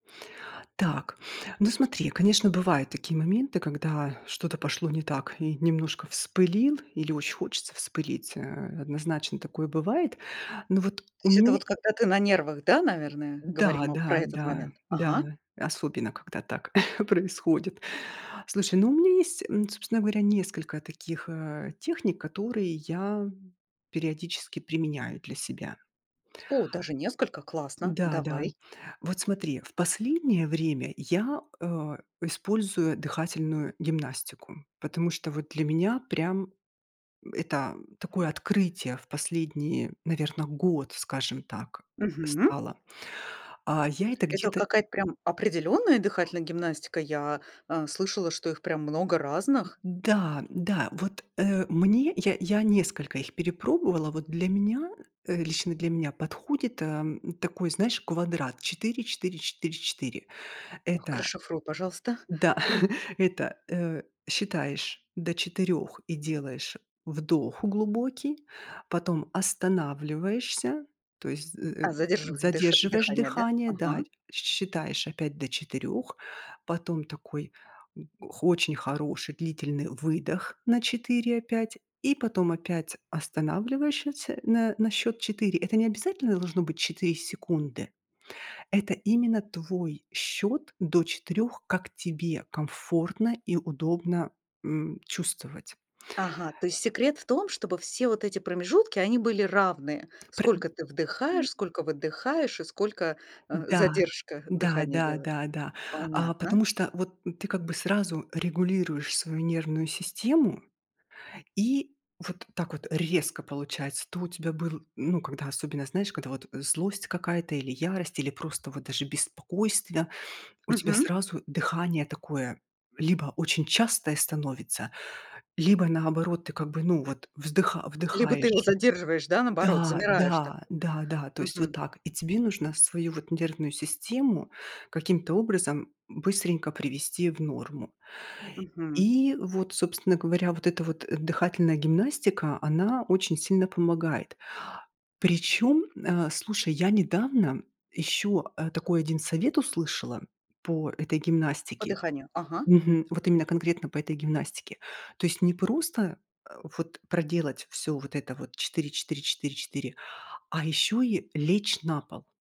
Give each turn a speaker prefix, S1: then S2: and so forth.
S1: Так, ну смотри, конечно, бывают такие моменты, когда что-то пошло не так и немножко вспылил или очень хочется вспылить, э, однозначно такое бывает. Но вот
S2: То
S1: у
S2: есть это
S1: меня
S2: вот когда ты на нервах, да, наверное,
S1: Да,
S2: говорим об про
S1: да
S2: этот
S1: да
S2: момент?
S1: да да,
S2: Ага.
S1: особенно когда так происходит. Слушай, ну, у меня есть, м, собственно говоря, несколько таких, а, техник, которые я периодически применяю для себя.
S2: О, даже несколько? Классно,
S1: Н-да, да.
S2: давай.
S1: Вот смотри, в последнее время я, а, использую дыхательную гимнастику, потому что вот для меня прям это такое открытие в последние, наверно, год, скажем так,
S2: Мгм.
S1: стало. А, я это
S2: Это
S1: где-то
S2: какая-то прям определённая дыхательная гимнастика? Я, э, слышала, что их прям много разных.
S1: М-да, да, да. Вот, э, мне я я несколько их перепробовала. Вот для меня, э, лично для меня подходит, эм, такой, знаешь, квадрат 4-4-4-4.
S2: Так,
S1: Это
S2: расшифруй, пожалуйста.
S1: Да, это, э, считаешь до 4 и делаешь вдох глубокий, потом останавливаешься, то есть з э э,
S2: А, задерживает дыша
S1: задерживаешь
S2: дыхание, да?
S1: дыхание, да,
S2: Ага.
S1: щ считаешь опять до 4, потом такой, х очень хороший длительный выдох на 4 опять, и потом опять останавливаешь ща тся на на счёт 4. Это не обязательно должно быть 4 секунды. Это именно твой счёт до 4, как тебе комфортно и удобно, м, чувствовать.
S2: Ага, то есть секрет в том, чтобы все вот эти промежутки, они были равные.
S1: Пры
S2: Сколько ты
S1: м
S2: вдыхаешь, сколько выдыхаешь и сколько, э,
S1: Да
S2: задержку
S1: да
S2: дыхания
S1: да
S2: делаешь.
S1: да да. А.
S2: Понятно.
S1: Потому что вот ты как бы сразу регулируешь свою нервную систему, и вот так вот резко получается. То у тебя был, ну, когда особенно, знаешь, когда вот, э, злость какая-то или ярость, или просто вот даже беспокойство, у тебя
S2: Мгм.
S1: сразу дыхание такое: либо очень частое становится, либо, наоборот, ты как бы, ну, вот вздыха
S2: Либо ты его
S1: вдыхаешь.
S2: задерживаешь, да, наоборот,
S1: Да
S2: замираешь
S1: да
S2: такой.
S1: да да. То есть вот
S2: Мгм.
S1: так. И тебе нужно свою вот нервную систему каким-то образом быстренько привести в норму.
S2: Мгм.
S1: И вот, собственно говоря, вот эта вот, э, дыхательная гимнастика, она очень сильно помогает. Причём, а, слушай, я недавно ещё, э, такой 1 совет услышала по этой
S2: По
S1: гимнастике.
S2: дыханию. Ага.
S1: Мгм. Вот именно конкретно по этой гимнастике. То есть не просто, э, вот проделать всё вот это вот 4-4-4-4, а ещё и лечь на пол.